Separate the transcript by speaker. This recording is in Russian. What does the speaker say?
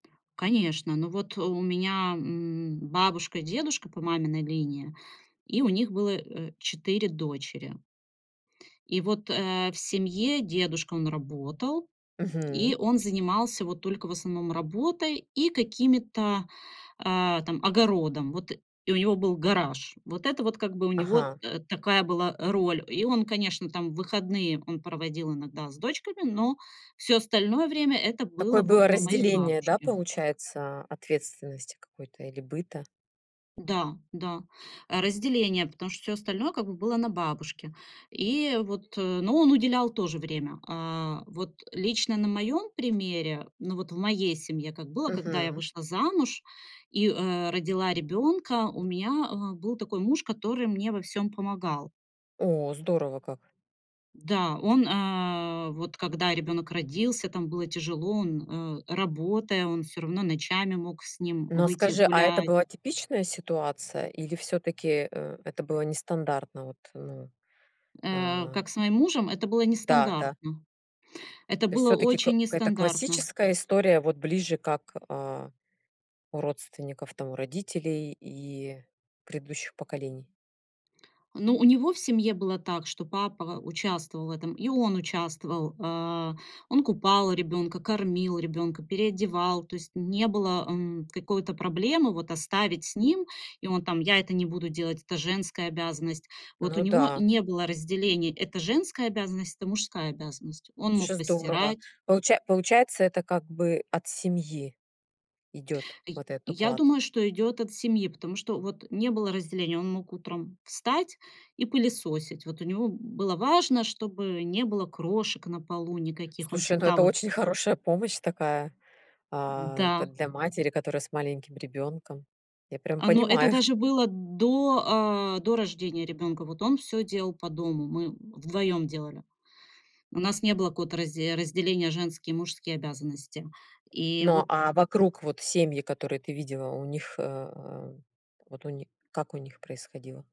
Speaker 1: Конечно. Но вот у меня, м, бабушка, дедушка по маминой линии, и у них было, э, 4 дочери. И вот, э, в семье дедушка, он работал,
Speaker 2: Мгм.
Speaker 1: и он занимался, вот, только в основном работой и какими-то, а, там, огородом. Вот, и у него был гараж. Вот это вот, как бы, у него
Speaker 2: Ага.
Speaker 1: т такая была, э, роль. И он, конечно, там, выходные он проводил иногда с дочками, но всё остальное время это
Speaker 2: Такое
Speaker 1: было вот
Speaker 2: было
Speaker 1: на моей
Speaker 2: разделение, да,
Speaker 1: бабушке.
Speaker 2: получается, ответственности какой-то или быта?
Speaker 1: Да, да, разделение, потому что всё остальное как бы было на бабушке, и вот, но он уделял тоже время. А, вот лично на моём примере, ну, вот в моей семье, как было, когда я
Speaker 2: Мгм.
Speaker 1: вышла замуж и, э, родила ребёнка, у меня, э, был такой муж, который мне во всём помогал.
Speaker 2: О, здорово как.
Speaker 1: Да, он, э, вот когда ребёнок родился, там было тяжело, он, э, работая, он всё равно ночами мог с ним
Speaker 2: Но
Speaker 1: выйти
Speaker 2: скажи, а это
Speaker 1: гулять.
Speaker 2: была типичная ситуация или всё-таки, э, это было нестандартно? Вот, э,
Speaker 1: Э,
Speaker 2: а
Speaker 1: как с моим мужем, это было
Speaker 2: Да-да.
Speaker 1: нестандартно. Это
Speaker 2: То есть
Speaker 1: было
Speaker 2: всё-таки кы
Speaker 1: очень
Speaker 2: это
Speaker 1: нестандартно.
Speaker 2: классическая история, вот ближе как, а, у родственников, там, у родителей и предыдущих поколений.
Speaker 1: Ну, у него в семье было так, что папа участвовал в этом, и он участвовал. Э, он купал ребёнка, кормил ребёнка, переодевал, то есть не было, м, какой-то проблемы вот оставить с ним. И он там: "Я это не буду делать, это женская обязанность". Вот у
Speaker 2: Ну
Speaker 1: него
Speaker 2: да.
Speaker 1: не было разделения: это женская обязанность, это мужская обязанность. Он мог
Speaker 2: Слушай, здорово.
Speaker 1: постирать.
Speaker 2: Получа получается, это как бы от семьи идёт
Speaker 1: Е
Speaker 2: вот этот
Speaker 1: я
Speaker 2: уклад.
Speaker 1: думаю, что идёт от семьи, потому что вот не было разделения. Он мог утром встать и пылесосить. Вот у него, м, было важно, чтобы не было крошек на полу никаких. Он
Speaker 2: Слушай, ну,
Speaker 1: всегда
Speaker 2: это
Speaker 1: вот
Speaker 2: очень хорошая помощь такая, а,
Speaker 1: Да.
Speaker 2: как для матери, которая с маленьким ребёнком. Я прям
Speaker 1: Но это
Speaker 2: понимаю.
Speaker 1: даже было до, э, до рождения ребёнка. Вот он всё делал по дому, мы вдвоём делали. У нас не было какого-то разде разделения: женские и мужские обязанности. И
Speaker 2: Но,
Speaker 1: вот так
Speaker 2: а вокруг вот семьи, которые ты видела, у них, э, э, вот у них, как у них происходило?